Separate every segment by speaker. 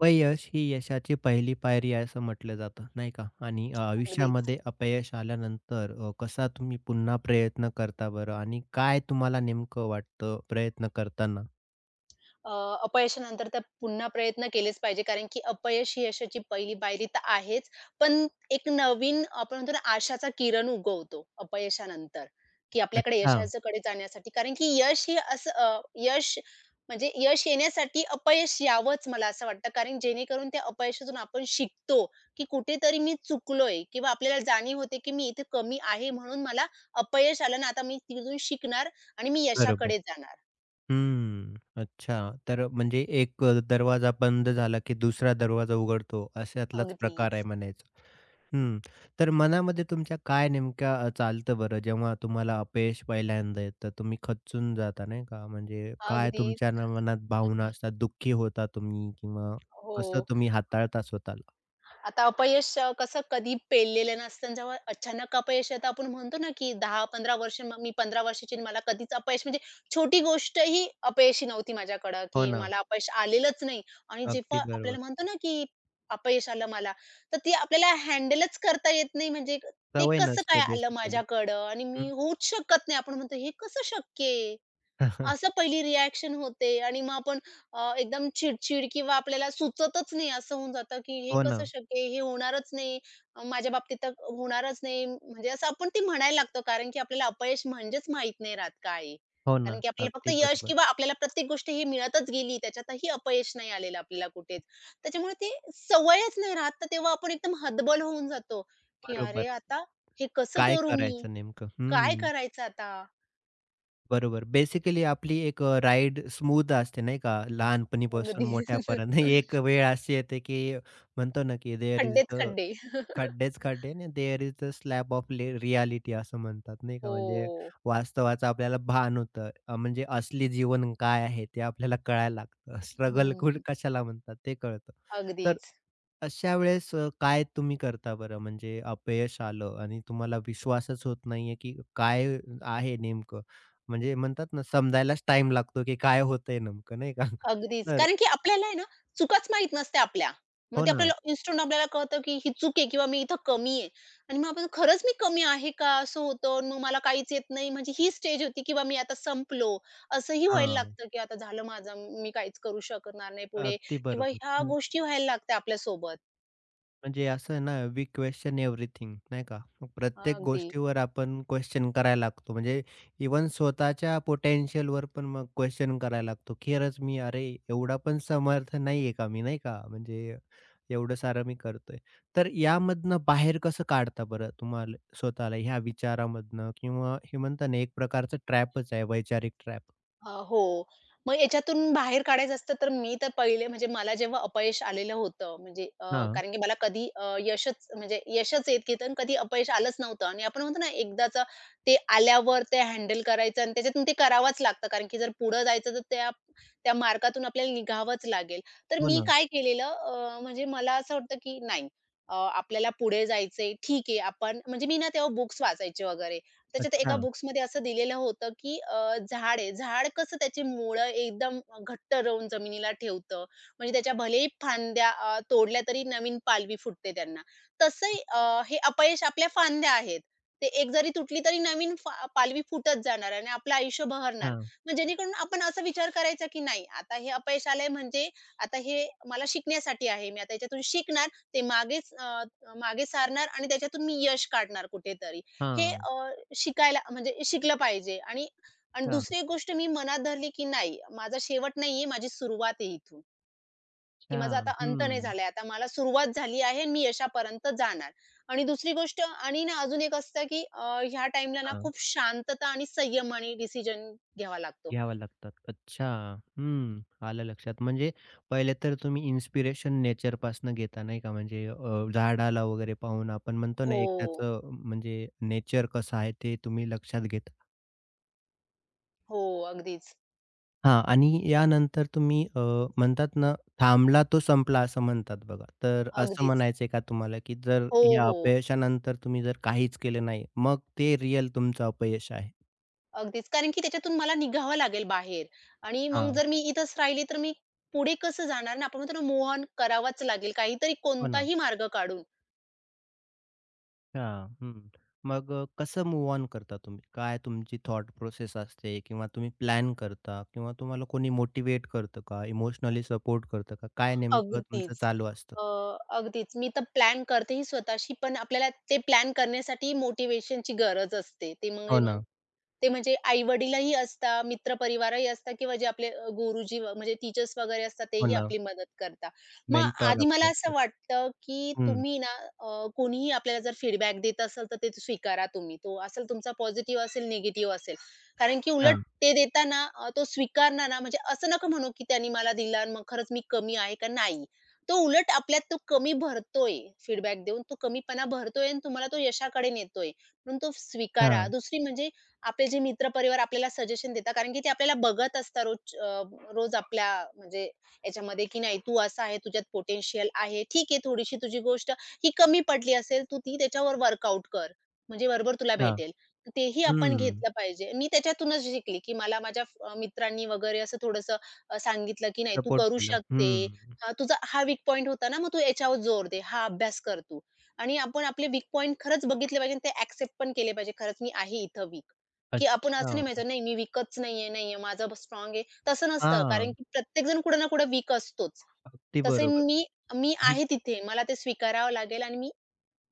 Speaker 1: अपयश ही यशाची पहिली पायरी आहे असं म्हंटलं जातं नाही का आणि
Speaker 2: अगदीच.
Speaker 1: आयुष्यामध्ये अपयश आल्यानंतर अ, कसा तुम्ही पुन्हा प्रयत्न करता बरं आणि काय तुम्हाला नेमकं वाटतं प्रयत्न करतांना?
Speaker 2: अ, अपयशानंतर तर पुन्हा प्रयत्न केलेच पाहिजे कारण की, अपयश ही यशाची पहिली पायरी तर आहेच, पण एक नवीन, आपण म्हणतो ना, आशाचा किरण उगवतो अपयशानंतर, की आपल्याकडे
Speaker 1: अच्छा.
Speaker 2: यशाच्याकडे जाण्यासाठी कारण की यश हे असं अ यश म्हणजे यश येण्यासाठी अपयश यावंच मला असं वाटतं कारण जेणेकरून त्या अपयशातून आपण शिकतो, की कुठेतरी मी चुकलोय किंवा आपल्याला जाणीव होते, की मी इथे कमी आहे म्हणून मला अपयश आलं आणि आता मी तिथून शिकणार आणि मी
Speaker 1: बरोबर.
Speaker 2: यशाकडे जाणार.
Speaker 1: हं, हं. अच्छा. तर म्हणजे एक अ, दरवाजा बंद झाला की दुसरा दरवाजा उघडतो अशातलांच प्रकार आहे
Speaker 2: अगदीच.
Speaker 1: म्हणायचं. हं, तर मनामध्ये तुमच्या काय नेमकं चालतं बरं, जेव्हा तुम्हाला अपयश पहिल्यांदा येतं. तुम्ही खचूंन जाता नाही का म्हणजे काय
Speaker 2: अगदी.
Speaker 1: तुमच्या मनात भावना असतात, दुःखी होता तुम्ही किंवा
Speaker 2: हो.
Speaker 1: कसं तुम्ही हाताळता स्वतःला?
Speaker 2: आता अपयश कसं कधी पेललेलं नसतं आणि जेव्हा अचानक अपयश येत, आपण म्हणतो ना, की 10-15 वर्ष मग मी 15 वर्षाची आणि मला कधीच अपयश म्हणजे छोटी गोष्टही अपयशी नव्हती माझ्याकडं,
Speaker 1: हो
Speaker 2: की
Speaker 1: ना.
Speaker 2: मला अपयश आलेलंच नाही आणि जेव्हा
Speaker 1: अगदी बरोबर.
Speaker 2: आपल्याला म्हणतो ना, की अपयश आलं मला, तर ती आपल्याला हँडलच करता येत नाही म्हणजे ते
Speaker 1: सवय
Speaker 2: कसं काय
Speaker 1: नसते
Speaker 2: आलं
Speaker 1: बेसिकली.
Speaker 2: माझ्याकडं आणि मी
Speaker 1: हं.
Speaker 2: होऊच शकत नाही, आपण म्हणतो हे कसं शक्य आहे. असं पहिली रिअ‍ॅक्शन होते आणि मग आपण अ, एकदम चिडचिड किंवा आपल्याला सुचतंच नाही, असं होऊन जातं, की हे
Speaker 1: हो
Speaker 2: कसं
Speaker 1: ना.
Speaker 2: शक्य आहे, हे होणारंच नाही, माझ्याबाबतीत तर होणारंच नाही, म्हणजे असं आपण ते म्हणायला लागतं कारण की आपल्याला अपयश म्हणजेच माहीत नाही राहत काय आहे.
Speaker 1: हो ना,
Speaker 2: कारण की आपल्याला फक्त
Speaker 1: अगदी
Speaker 2: यश
Speaker 1: बरोबर.
Speaker 2: किंवा आपल्याला प्रत्येक गोष्ट ही मिळतच गेली. त्याच्यातही अपयश नाही आलेलं आपल्याला कुठेच.
Speaker 1: हं.
Speaker 2: त्याच्यामुळे ते सवयंच नाही राहत, तर तेव्हा आपण एकदम हतबल होऊन जातो, की
Speaker 1: बरोबर.
Speaker 2: अरे आता हे कसं
Speaker 1: काय
Speaker 2: करू मी?
Speaker 1: करायचं नेमकं?
Speaker 2: काय
Speaker 1: हं.
Speaker 2: करायचं आता?
Speaker 1: बरोबर. बेसिकली आपली एक अ, राईड स्मूथ असते नाही का, लहानपणीपासून
Speaker 2: अगदी.
Speaker 1: मोठ्यापर्यंत एक वेळ अशी येते की म्हणतो ना, की देअर ईज
Speaker 2: खड्डेच
Speaker 1: द
Speaker 2: खड्डे.
Speaker 1: खड्डेच खड्डे, and there is the slab of ले रिअ‍ॅलिटी असं म्हणतात नाही का, म्हणजे
Speaker 2: हो.
Speaker 1: वास्तवाचं आपल्याला भान होतं. अ, म्हणजे असली जीवन काय आहे ते आपल्याला कळायला लागतं,
Speaker 2: हं,
Speaker 1: स्ट्रगल खुठ
Speaker 2: हं.
Speaker 1: कशाला म्हणतात ते कळतं. तर
Speaker 2: अगदीचं.
Speaker 1: अशा वेळेस अ, काय तुम्ही करता बरं, म्हणजे अपयश आलं आणि तुम्हाला विश्वासच होत नाहीये की काय आहे नेमकं म्हणजे म्हणतात ना, समजायलाच टाईम लागतो की काय होतंय नेमकं नाही का,
Speaker 2: अगदीच
Speaker 1: तर
Speaker 2: कारण की आपल्याला आहे ना, चुकांच माहित नसतात आपल्या. मग
Speaker 1: हो
Speaker 2: ते
Speaker 1: ना.
Speaker 2: आपल्याला इन्स्टंट आपल्याला कळतं की ही चूक आहे किंवा मी इथं कमी आहे आणि मग आपण खरंच मी कमी आहे का, असं होतं आणि मग मला काहीच येत नाही. म्हणजे ही स्टेज होती किंवा मी आता संपलो. असं ही व्हायला
Speaker 1: हां.
Speaker 2: लागतं की आता झालं माझं. मी काहीच करू शकणार नाही पुढे
Speaker 1: अगदी
Speaker 2: किंवा
Speaker 1: बरोबर,
Speaker 2: ह्या
Speaker 1: हं.
Speaker 2: गोष्टी व्हायला लागततात आपल्यासोबत.
Speaker 1: म्हणजे असं आहे ना वी क्वेशन एव्हरीथिंग, नाही का. प्रत्येक
Speaker 2: अगदी.
Speaker 1: गोष्टीवर आपण क्वेशन करायला लागतो म्हणजे इव्हन स्वतःच्या पोटेन्शियलवर पण मग क्वेशन करायला लागतो. खरंच मी अरे एवढा पण समर्थ नाहीये का मी? नाही का. म्हणजे एवढं सारं मी करतोय. तर यामधनं बाहेर कसं काढता बरं तुम्हाला स्वतःला ह्या विचारामधनं किंवा हे म्हणतात ना एक प्रकारचं ट्रॅपचं आहे. वैचारिक ट्रॅप?
Speaker 2: अ, हो. मग ह्याच्यातून बाहेर काढायचं असतं तर मी तर पहिले म्हणजे मला जेव्हा अपयश आलेलं होतं. म्हणजे अ,
Speaker 1: हां.
Speaker 2: कारण की मला कधी अ, यशच म्हणजे यशच येत [unintelligible] कधी अपयश आलंच नव्हतं आणि आपण म्हणतो ना एकदाचं ते आल्यावर ते हँडल करायचं आणि त्याच्यातून ते करावंच लागतं. कारण की जर पुढं जायचं तर त्या त्या मार्गातून आपल्याला निघावंच लागेल. तर
Speaker 1: हो
Speaker 2: मी
Speaker 1: ना.
Speaker 2: काय केलेलं अ, म्हणजे मला असं होता की "नाही अ, आपल्याला पुढे जायचंय ठीक आहे, आपण" म्हणजे मी ना तेव्हा बुक्स वाचायचे वगैरे. त्याच्यात एका
Speaker 1: अच्छा.
Speaker 2: बुक्समध्ये असं दिलेलं होतं की अ, झाड आहे, झाड कसं त्याची मूळं एकदम अ, घट्ट रवून जमिनीला ठेवतं. म्हणजे त्याच्या भलेही फांद्या अ, तोडल्या तरी नवीन पालवी फुटते त्यांना. तसं
Speaker 1: हं.
Speaker 2: अ, हे अपयश आपल्या फांद्या आहेत. ते एक जरी तुटली तरी नवीन फाल पालवी फुटत जाणार आहे आणि आपलं आयुष्य बहरणार.
Speaker 1: हां.
Speaker 2: मग जेणेकरून आपण असा विचार करायचा की नाही आता हे अपयशालय म्हणजे आता हे मला शिकण्यासाठी आहे. मी आता ह्याच्यातून शिकणार ते मागेच अ, मागे सारणार आणि त्याच्यातून मी यश काढणार कुठेतरी. हे
Speaker 1: हां.
Speaker 2: अ, शिकायला म्हणजे शिकलं पाहिजे आणि आणि
Speaker 1: हां.
Speaker 2: दुसरी एक गोष्ट मी मनात धरली, की "नाही, माझा शेवट नाहीये, माझी सुरुवात आहे इथून." की
Speaker 1: अच्छा,
Speaker 2: माझा आता अंत नाही
Speaker 1: हं.
Speaker 2: झालाय, आता मला सुरुवात झाली आहे आणि मी यशापर्यंत जाणार. आणि दुसरी गोष्ट आणि ना अजून एक असतं की अ, ह्या टाईमला ना
Speaker 1: हां.
Speaker 2: खूप शांतता आणि संयमानं डिसिजन घ्यावा लागतो.
Speaker 1: घ्याव्या लागतात. अच्छा! हं आलं लक्षात म्हणजे पहिले तर तुम्ही इन्स्पिरेशन नेचर पासून घेता नाही का? म्हणजे अ, झाडाला वगैरे पाहून आपण म्हणतो ना एक
Speaker 2: हो.
Speaker 1: त्याचं म्हणजे नेचर कसं आहे ते तुम्ही लक्षात घेता.
Speaker 2: हो अगदीच.
Speaker 1: हां आणि या नंतर तुम्ही अ, म्हणतात ना "थांबला तो संपला", असं म्हणतात बघा. तर असं
Speaker 2: अगदीच.
Speaker 1: म्हणायचंय का तुम्हाला की जर
Speaker 2: हो,
Speaker 1: या
Speaker 2: हो.
Speaker 1: अपयशानंतर तुम्ही जर काहीच केलं नाही, मग ते रिअल तुमचं अपयश आहे?
Speaker 2: अगदीच. कारण की त्याच्यातून मला निघावं लागेल बाहेर आणि मग
Speaker 1: हां.
Speaker 2: जर मी इथेच राहिली तर मी पुढे कसं जाणार ना? आणि आपण म्हणतो ना मूव्ह ऑन करावाच लागेल काहीतरी
Speaker 1: हो ना.
Speaker 2: कोणताही मार्ग काढून.
Speaker 1: हां, हं. मग कसं मूव्ह ऑन करता तुम्ही? काय तुमची थॉट प्रोसेस असते किंवा तुम्ही प्लॅन करता किंवा तुम्हाला कोणी मोटिव्हेट करतं का? इमोशनली सपोर्ट करतं का? काय नेमकं तुमचं
Speaker 2: अगदीच.
Speaker 1: चालू असतं?
Speaker 2: अ, अगदीच मी तर प्लॅन करते ही स्वतःशी पण आपल्याला ते प्लॅन करण्यासाठी ही मोटिव्हेशनची गरज असते. त्यामुळे
Speaker 1: हो
Speaker 2: मग
Speaker 1: ना.
Speaker 2: ते म्हणजे आई-वडीलही असतात, मित्रपरिवारही असतात किंवा जे आपले अ, गुरुजी म्हणजे टीचर्स वगैरे असतात
Speaker 1: हो
Speaker 2: तेही
Speaker 1: ना.
Speaker 2: आपली मदत करतात. मग
Speaker 1: मेनटोर
Speaker 2: आधी मला
Speaker 1: आपले.
Speaker 2: असं
Speaker 1: [unintelligible]
Speaker 2: वाटतं की
Speaker 1: हं.
Speaker 2: तुम्ही ना अ, कोणीही आपल्याला जर फीडबॅक देत असेल तर ते स्वीकारा तुम्ही तो असेल तुमचा पॉझिटिव्ह असेल, निगेटिव्ह असेल. कारण की उलट
Speaker 1: अच्छा!
Speaker 2: ते देताना अ, तो स्वीकारणार ना, म्हणजे असं नको म्हणू की त्यांनी मला दिलं आणि मग खरंच मी कमी आहे का नाही. तो उलट आपल्यात तो कमी भरतोय फीडबॅक देऊन तो कमीपणा भरतोय आणि तुम्हाला तो यशाकडे नेतोय, म्हणून तो स्वीकारा.
Speaker 1: हां.
Speaker 2: दुसरी म्हणजे आपले जे मित्रपरिवार आपल्याला सजेशन देतात कारण की ते आपल्याला बघत असतात रोजच् अ रोज आपल्या म्हणजे ह्याच्यामध्ये की नाही तू असा आहे तुझ्यात पोटेन्शियल आहे, ठीक आहे थोडीशी तुझी गोष्ट की कमी पडली असेल तू ती त्याच्यावर वर्कआउट कर, म्हणजे बरोबर तुला
Speaker 1: अच्छा.
Speaker 2: भेटेल. तर तेही आपण
Speaker 1: हं.
Speaker 2: घेतलं पाहिजे मी त्याच्यातूनच शिकली की मला माझ्या फ्र मित्रांनी वगैरे असं थोडंसं अ, सांगितलं, की नाही तू
Speaker 1: सपोर्ट
Speaker 2: करू
Speaker 1: केलं.
Speaker 2: शकते.
Speaker 1: हं.
Speaker 2: तुझा हा वीक पॉइंट होता ना मग तू ह्याच्यावर जोर दे, हा अभ्यास कर तू आणि आपण आपले वीक पॉइंट खरंच बघितले पाहिजे आणि ते एक्सेप्ट पण केले पाहिजे खरंच मी आहे इथे वीक. की आपण असं
Speaker 1: अच्छा!
Speaker 2: नाही म्हणायचं नाही मी वीकंच नाहीये, नाहीय हे माझं स्ट्राँग आहे तसं नसतं.
Speaker 1: हां,
Speaker 2: कारण
Speaker 1: हां.
Speaker 2: की प्रत्येक जण कुठे ना कुठे वीक असतोचं.
Speaker 1: अगदी
Speaker 2: तसे
Speaker 1: बरोबर.
Speaker 2: मी मी
Speaker 1: हं.
Speaker 2: आहे तिथे मला ते स्वीकारावं लागेल आणि मी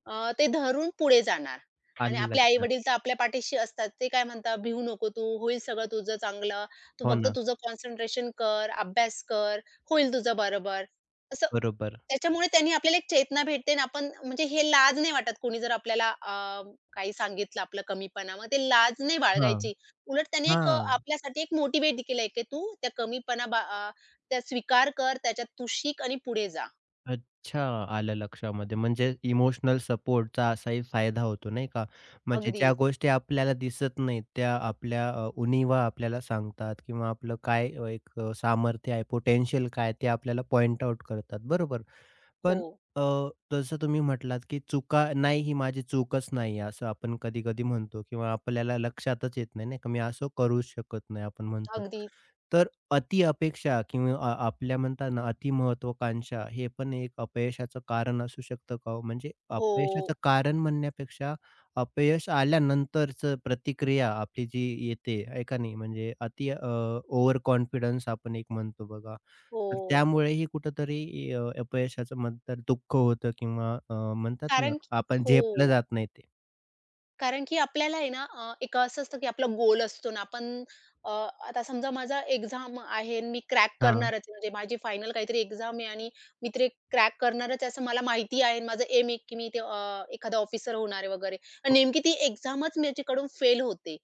Speaker 2: अ, ते धरून पुढे जाणार आणि
Speaker 1: आलं
Speaker 2: आपले
Speaker 1: लक्षात.
Speaker 2: आई-वडील तर आपल्या पाठीशी असतात. ते काय म्हणतात भिऊ नको तू होईल सगळं तुझं चांगलं. तू
Speaker 1: हो
Speaker 2: फक्त
Speaker 1: ना.
Speaker 2: तुझं कॉन्सन्ट्रेशन कर, अभ्यास कर, होईल तुझं बरोबर. असं,
Speaker 1: बरोबर.
Speaker 2: त्याच्यामुळे त्यांनी आपल्याला एक चेतना भेटते आणि आपण म्हणजे हे लाज नाही वाटत कोणी जर आपल्याला अ, काही सांगितलं आपलं कमीपणा. मग ते लाज नाही
Speaker 1: हां,
Speaker 2: बाळगायची. उलट त्यांनी एक अ,
Speaker 1: हां.
Speaker 2: आपल्यासाठी एक मोटिव्हेट केलंय की तू त्या कमीपणा अ, त्या स्वीकार कर त्याच्यात तू शिक आणि पुढे जा.
Speaker 1: अच्छा. आलं लक्षामध्ये म्हणजे इमोशनल सपोर्टचा असाही फायदा होतो नाही का. म्हणजे ज्या
Speaker 2: अगदीच.
Speaker 1: गोष्टी आपल्याला दिसत नाहीत, त्या आपल्या अ, उणिवा आपल्याला सांगतात किंवा आपलं काय एक अ, सामर्थ्य आहे पोटेन्शियल काय आहे ते आपल्याला पॉइंट आउट करतात, बरोबर? पण
Speaker 2: हो.
Speaker 1: अ, जसं तुम्ही म्हटलात की चुका नाही, ही माझी चूकच नाही आहे, असं आपण कधी-कधी म्हणतो किंवा आपल्याला लक्षातच येत नाही, नाही का? मी असं करूच शकत नाही, आपण म्हणतो.
Speaker 2: अगदीच.
Speaker 1: तर अतिअपेक्षा किंवा अ आपल्या म्हणता ना अतिमहत्वाकांक्षा हे पण एक अपयशाचं कारण असू शकतं का हो? म्हणजे
Speaker 2: हो.
Speaker 1: अपयशाचं कारण म्हणण्यापेक्षा, अपयश आल्यानंतरचं प्रतिक्रिया आपली जी येते आहे का नाही म्हणजे अति अ, ओव्हर कॉन्फिडन्स आपण एक म्हणतो बघा, तर
Speaker 2: हो.
Speaker 1: त्यामुळेही कुठेतरी अ, अपयशाचं म्हणतात दुःख होतं किंवा अ, म्हणतात ना,
Speaker 2: कारण की
Speaker 1: आपण झेपलं
Speaker 2: हो.
Speaker 1: जात नाही ते.
Speaker 2: कारण की, आपल्याला आहे ना अ, एक असं असतं की आपला गोल असतो न, आपण अ, आता समजा माझा एक्झाम आहे आणि मी क्रॅक
Speaker 1: हां.
Speaker 2: करणारच. म्हणजे माझी फायनल काहीतरी एक्झाम आहे आणि मी तरी ती क्रॅक करणारच आहे असं मला माहिती आहे आणि माझा एम आहे की मी इथे अ, एखादा ऑफिसर होणार आहे वगैरे. आणि नेमकी ती एक्झामच माझ्याकडून फेल होते.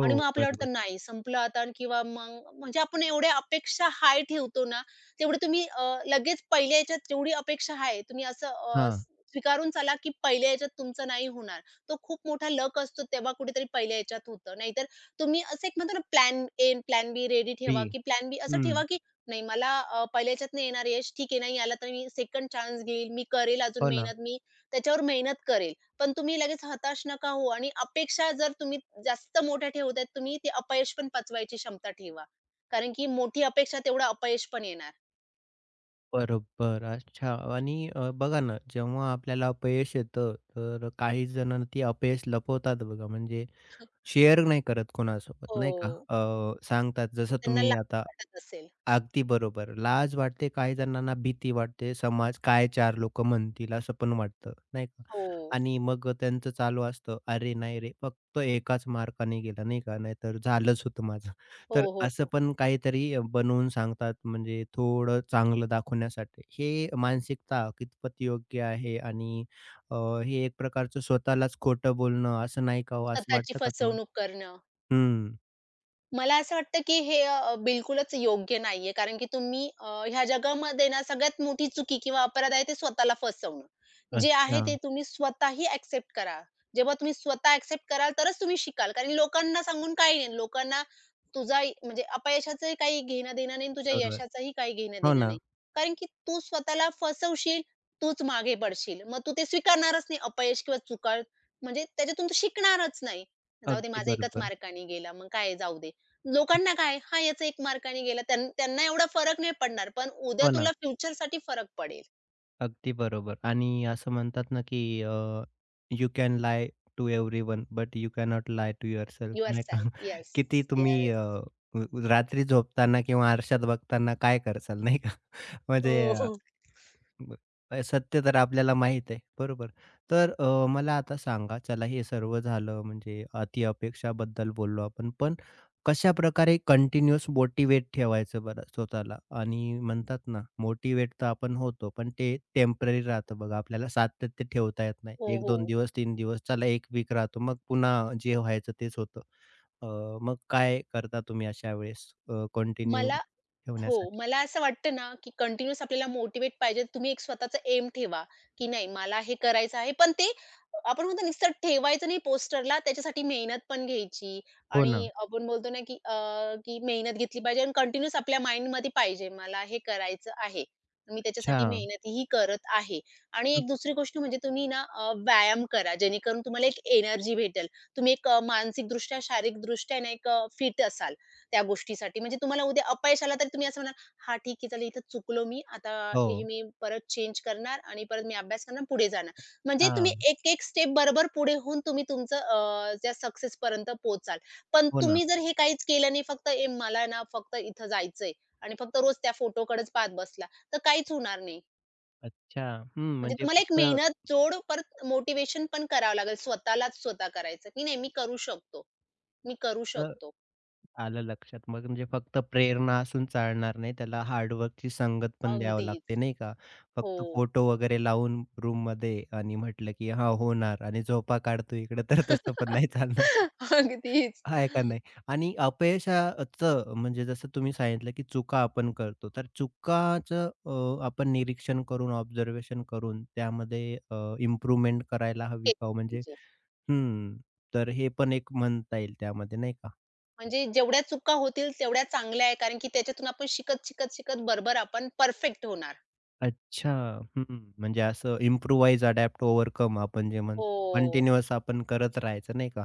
Speaker 2: आणि मग आपल्याला
Speaker 1: बरोबर.
Speaker 2: वाटतं नाही, संपलं आता किंवा मग म्हणजे आपण एवढ्या अपेक्षा हाय ठेवतो ना, तेवढे तुम्ही अ, लगेच पहिल्या ह्याच्यात तेवढी अपेक्षा आहे, तुम्ही असं अ,
Speaker 1: हां.
Speaker 2: स स्वीकारून चला की पहिल्या ह्याच्यात तुमचं नाही होणार. तो खूप मोठा लक असतो. तेव्हा कुठेतरी पहिल्या ह्याच्यात होतं. नाहीतर तुम्ही असं एक म्हणतो ना प्लॅन ए, अन प्लॅन बी रेडी ठेवा,
Speaker 1: बी.
Speaker 2: की प्लॅन बी असं ठेवा
Speaker 1: हं.
Speaker 2: की नाही मला अ, पहिल्या ह्याच्यात नाही येणार यश. ठीक आहे. नाही आला तर मी 2nd चान्स घेईल. मी करेल अजून
Speaker 1: हो ना.
Speaker 2: मेहनत, मी त्याच्यावर मेहनत करेल. पण तुम्ही लगेच हताश नका होऊ आणि अपेक्षा जर तुम्ही जास्त मोठ्या ठेवतायेत, तुम्ही ते अपयश पण पचवायची क्षमता ठेवा. कारण की मोठी अपेक्षा तेवढं अपयश पण येणार.
Speaker 1: बरोबर. अच्छा आणि अ, बघा ना, जेव्हा आपल्याला अपयश येतं. तर काहीजण ती अपयश लपवतात बघा, म्हणजे
Speaker 2: हं, हं.
Speaker 1: शेअर नाही करत कोणासोबत, नाही का?
Speaker 2: हो.
Speaker 1: अ, सांगतात जसं
Speaker 2: त्यांना
Speaker 1: तुम्ही
Speaker 2: लाज
Speaker 1: आता
Speaker 2: वाटत असेल.
Speaker 1: अगदी बरोबर. लाज वाटते, काहीजणांना भीती वाटते. समाज काय चार लोक म्हणतील? असं पण वाटतं, नाही का
Speaker 2: हो.
Speaker 1: आणि मग अ, त्यांचं चालू असतं, "अरे, नाही रे फक्त 1 च मार्काने गेला नाही का. नाहीतर झालंच होतं माझं." तर
Speaker 2: हो, हो,
Speaker 1: असं
Speaker 2: हो.
Speaker 1: पण काहीतरी बनवून सांगतात. म्हणजे थोडं चांगलं दाखवण्यासाठी. हे मानसिकता कितपत योग्य आहे? आणि अ, हे एक प्रकारचं स्वतःलाच खोटं बोलणं असं, नाही का हो? असं
Speaker 2: स्वतःची
Speaker 1: वाटतं का तुम्हाला?
Speaker 2: फसवणूक करणं.
Speaker 1: हं.
Speaker 2: मला असं वाटतं की, हे अ, बिलकुलच योग्य नाहीये. कारण की तुम्ही अ, ह्या जगामध्ये ना सगळ्यात मोठी चुकी किंवा अपराध आहे, ते स्वतःला फसवणं. जे आहे ते
Speaker 1: अच्छा.
Speaker 2: तुम्ही स्वतःही ॲक्सेप्ट करा. जेव्हा तुम्ही स्वतः ॲक्सेप्ट कराल तरच तुम्ही शिकाल. कारण की लोकांना सांगून काही नाही. लोकांना तुझा इ, म्हणजे अपयशाचं ही काही घेणं-देणं नाही आणि तुझ्या
Speaker 1: बरोबर,
Speaker 2: यशाचंही काही
Speaker 1: हो
Speaker 2: घेणं-देणं नाही.
Speaker 1: ना.
Speaker 2: कारण की तू स्वतःला फसवशील, तूच मागे पडशील. मग तू ते स्वीकारणारच नाही अपयश किंवा चुका. म्हणजे त्याच्यातून तू शिकणारच नाही. जाऊ दे,
Speaker 1: अगदी
Speaker 2: माझा 1च
Speaker 1: बरोबर.
Speaker 2: मार्काने गेला मग काय आहे, जाऊ दे. लोकांना काय आहे, हा याचा 1 मार्काने गेला त्यानं त्यांना एवढा फरक नाही पडणार. पण उद्या
Speaker 1: हो, ना.
Speaker 2: तुला फ्युचरसाठी फरक पडेल.
Speaker 1: अगदी बरोबर. आणि असं म्हणतात ना, की अ, you can lie to everyone but you can not lie to yourself नाही का?
Speaker 2: यूरसेल्फ, येस,
Speaker 1: किती तुम्ही
Speaker 2: येस.
Speaker 1: अ, अ, रात्री झोपताना किंवा आरशात बघताना काय करसाल नाही का, म्हणजे
Speaker 2: हो,
Speaker 1: अ,
Speaker 2: हो.
Speaker 1: म सत्य तर आपल्याला माहीत आहे, बरोबर. तर अ, मला आता सांगा चला हे सर्व झालं म्हणजे अतिअपेक्षाबद्दल बोललो आपण, पण कशाप्रकारे कंटिन्युअस मोटिव्हेट ठेवायचं बरं स्वतःला. आणि म्हणतात ना मोटिव्हेट तर आपण होतो, पण ते टेम्पररी राहतं. बघा आपल्याला सातत्य ठेवता येत
Speaker 2: हो,
Speaker 1: नाही
Speaker 2: हो.
Speaker 1: दिवस तीन दिवस चला 1 वीक राहतो. मग पुन्हा जे व्हायचं तेच होतं. अ, मग काय करता तुम्ही अशा वेळेस अ, कंटिन्यू
Speaker 2: मला हो.
Speaker 1: ठेवण्यासाठी?
Speaker 2: मला असं वाटतं ना, की कंटिन्यूअस आपल्याला मोटिव्हेट पाहिजे तर तुम्ही एक स्वतःचं एम ठेवा, की नाही मला हे करायचं आहे. पण ते आपण म्हणतो नुसतं ठेवायचं नाही पोस्टरला, त्याच्यासाठी मेहनत पण घ्यायची
Speaker 1: हो
Speaker 2: आणि
Speaker 1: ना.
Speaker 2: आपण बोलतो ना, की अ, की मेहनत घेतली पाहिजे आणि कंटिन्यूअस आपल्या माइंडमध्ये पाहिजे, मला हे करायचं आहे. मी त्याच्यासाठी
Speaker 1: अच्छा.
Speaker 2: मेहनतही करत आहे. आणि
Speaker 1: हं.
Speaker 2: एक दुसरी गोष्ट म्हणजे तुम्ही ना अ, व्यायाम करा. जेणेकरून तुम्हाला एक एनर्जी भेटेल. तुम्ही एक अ, मानसिकदृष्ट्या, शारीरिकदृष्ट्या ना, एक अ, फिट असाल त्या गोष्टीसाठी. म्हणजे तुम्हाला उद्या अपयश आलं तरी तुम्ही असं म्हणालं, "हां ठीक आहे, चालेल इथे चुकलो मी आता हे
Speaker 1: हो.
Speaker 2: मी परत चेंज करणार आणि परत मी अभ्यास करणार आणि पुढे जाणार." म्हणजे तुम्ही
Speaker 1: अच्छा.
Speaker 2: एक-एक स्टेप बरोबर पुढे होऊन तुम्ही तुमचं अ, त्या सक्सेसपर्यंत पोहोचाल. पण
Speaker 1: हो ना.
Speaker 2: तुम्ही जर हे काहीच केलं नाही फक्त ए मला आहे ना फक्त इथे जायचंय आणि फक्त रोज त्या फोटोकडेचं पाहत बसला, तर काहीच होणार नाही.
Speaker 1: अच्छा. हं.
Speaker 2: म्हणजे
Speaker 1: म्हणजे
Speaker 2: तुम्हाला एक
Speaker 1: फक्त
Speaker 2: मेहनत जोड परत मोटिव्हेशन पण करावं लागेल, स्वतःलाच स्वतः करायचं की "नाही, मी करू शकतो, मी करू
Speaker 1: तर
Speaker 2: शकतो."
Speaker 1: आलं लक्षात. मग म्हणजे फक्त प्रेरणा असून चालणार नाही, त्याला हार्डवर्कची संगत पण द्यावं लागते,
Speaker 2: अगदीच.
Speaker 1: नाही का. फक्त
Speaker 2: हो.
Speaker 1: फोटो वगैरे लावून, रूममध्ये आणि म्हटलं की "हां, होणार." आणि झोपा काढतोय इकडं. तर तसं पण नाही चालणार.
Speaker 2: अगदीच.
Speaker 1: आहे का नाही? आणि अपयशा अ, ...चं म्हणजे जसं तुम्ही सांगितलं की चुका आपण करतो. तर चुकाचं अ, आपण निरीक्षण करून, ऑब्झर्वेशन करून, त्यामध्ये अ, इम्प्रूव्हमेंट करायला हवी
Speaker 2: एक
Speaker 1: का हो? म्हणजे
Speaker 2: व्हिजन.
Speaker 1: हं. तर हे पण एक म्हणता येईल त्यामध्ये नाही का.
Speaker 2: म्हणजे जेवढ्या चुका होतील तेवढ्या चांगल्या आहे, कारण की त्याच्यातून आपण शिकत, शिकत, शिकत बरोबर आपण परफेक्ट होणार.
Speaker 1: अच्छा! हं, हं. म्हणजे असं इम्प्रूवाइज, अडॅप्ट, ओव्हरकम आपण जे म्हणतो
Speaker 2: हो.
Speaker 1: कंटिन्युअस आपण करत राहायचं नाही का.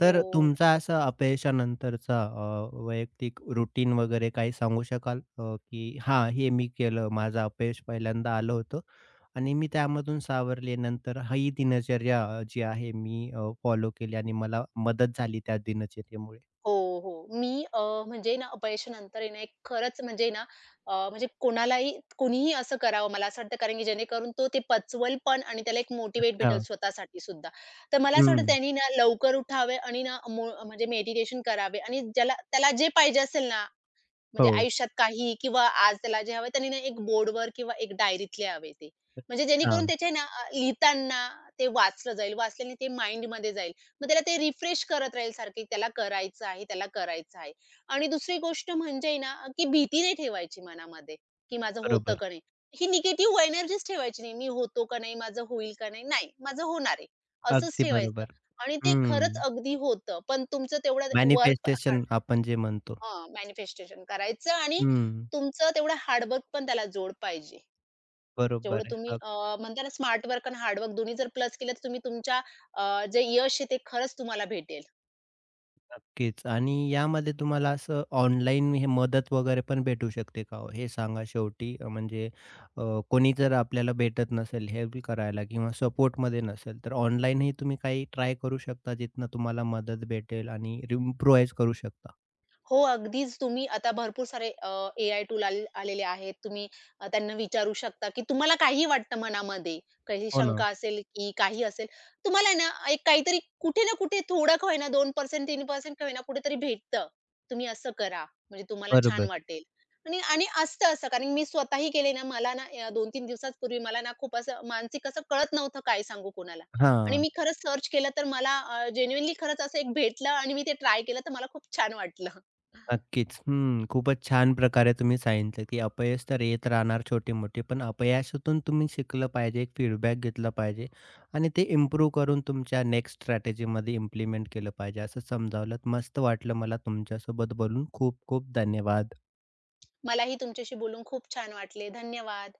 Speaker 1: तर
Speaker 2: हो.
Speaker 1: तुमचा असा अपयशानंतरचा अ, वैयक्तिक रूटीन वगैरे काही सांगू शकाल? अ, की हां, हे मी केलं. माझं अपयश पहिल्यांदा आलं होतं आणि मी त्यामधून सावरले. नंतर ही दिनचर्या अ, जी आहे मी अ, फॉलो केली आणि मला मदत झाली त्या दिनचर्येमुळे?
Speaker 2: हो, हो. मी अ, म्हणजे ना अपयशानंतर आहे ना खरंच म्हणजे ना अ, म्हणजे कोणालाही कुणीही असं करावं मला असं वाटतं. कारण की जेणेकरून तो ते पचवेल पण आणि त्याला एक मोटिव्हेट भेटेल
Speaker 1: अच्छा.
Speaker 2: स्वतःसाठी सुद्धा. तर मला असं वाटतं,
Speaker 1: हं.
Speaker 2: त्यानी ना लवकर उठावे आणि ना म्हणजे मो म्हणजे मेडिटेशन करावे आणि ज्याला त्याला जे पाहिजे असेल ना, म्हणजे
Speaker 1: हो.
Speaker 2: आयुष्यात काहीही किंवा आज त्याला जे हवंय, त्यानी ना एक बोर्डवर किंवा एक डायरीत लिहावे ते. म्हणजे जेणेकरून
Speaker 1: अच्छा.
Speaker 2: त्याचे आहे ना लिहिताना ते वाचलं जाईल. वाचल्याने ते माइंडमध्ये जाईल. मग त्याला ते रिफ्रेश करत राहील सारखं त्याला करायचं आहे, त्याला करायचं आहे. आणि दुसरी गोष्ट म्हणजे आहे ना, की भीती नाही ठेवायची मनामध्ये की माझं होतं
Speaker 1: बरोबर.
Speaker 2: का नाही. ही निगेटिव्ह एनर्जीच ठेवायची नाही. मी होतो का नाही? माझं होईल का नाही? नाही. माझं होणार आहे. असंच
Speaker 1: अगदी
Speaker 2: ठेवायचं
Speaker 1: बरोबर.
Speaker 2: आणि ते खरंच
Speaker 1: हं.
Speaker 2: अगदी होतं. पण तुमचं तेवढं वर्कहार्ड
Speaker 1: मॅनिफेस्टेशन आपण जे म्हणतो.
Speaker 2: हां. मॅनिफेस्टेशन करायचं आणि
Speaker 1: हं.
Speaker 2: तुमचं तेवढं हार्डवर्क पण त्याला जोड पाहिजे.
Speaker 1: बरोबर
Speaker 2: जेवढं
Speaker 1: आहे.
Speaker 2: तुम्ही
Speaker 1: अग
Speaker 2: अ, म्हणताय ना स्मार्टवर्क आणि हार्डवर्क दोन्ही जर प्लस केलं तर तुम्ही तुमच्या अ, जे यश आहे, ते खरंच तुम्हाला भेटेल.
Speaker 1: नक्कीच आणि यामध्ये तुम्हाला असं ऑनलाईन हे मदत वगैरे पण भेटू शकते का हो? हे सांगा शेवटी म्हणजे अ, कोणी जर आपल्याला भेटत नसेल, हेल्प करायला किंवा सपोर्टमध्ये नसेल, तर ऑनलाईनही तुम्ही काही ट्राय करू शकता, जिथनं तुम्हाला मदत भेटेल आणि इम्प्रुवाइज करू शकता.
Speaker 2: हो. अगदीच तुम्ही आता भरपूर सारे अ, एआय टूल आल आलेले आहेत. तुम्ही त्यांना विचारू शकता, की तुम्हाला काहीही वाटतं मनामध्ये कशाची
Speaker 1: हो ना.
Speaker 2: शंका असेल, की काही असेल? तुम्हाला आहे ना, एक काहीतरी कुठे ना कुठे थोडं का होईना 2% 3% का होईना कुठेतरी भेटतं. तुम्ही असं करा. म्हणजे तुम्हाला छान
Speaker 1: बरोबर.
Speaker 2: वाटेल. आणि आणि असतं असं कारण मी स्वतःही केले ना मला ना अ, 2-3 दिवसाच पूर्वी मला ना खूप असं मानसिक असं कळत नव्हतं, काय सांगू कोणाला आणि
Speaker 1: हां.
Speaker 2: मी खरंच सर्च केलं तर मला अ, जेन्युइनली खरंच असं एक भेटलं आणि मी ते ट्राय केलं, तर मला खूप छान वाटलं.
Speaker 1: नक्कीच. हं, खूपच छान प्रकारे तुम्ही सांगितलं, की अपयश तर येत राहणार छोटी-मोठी, पण अपयशातून तुम्ही शिकलं पाहिजे एक फीडबॅक घेतलं पाहिजे. आणि ते इम्प्रूव्ह करून तुमच्या नेक्स्ट स्ट्रॅटेजीमध्ये इम्प्लिमेंट केलं पाहिजे, असं समजावलंत. मस्त वाटलं मला तुमच्यासोबत बोलून खूप-खूप धन्यवाद!
Speaker 2: मलाही तुमच्याशी बोलून खूप छान वाटले. धन्यवाद!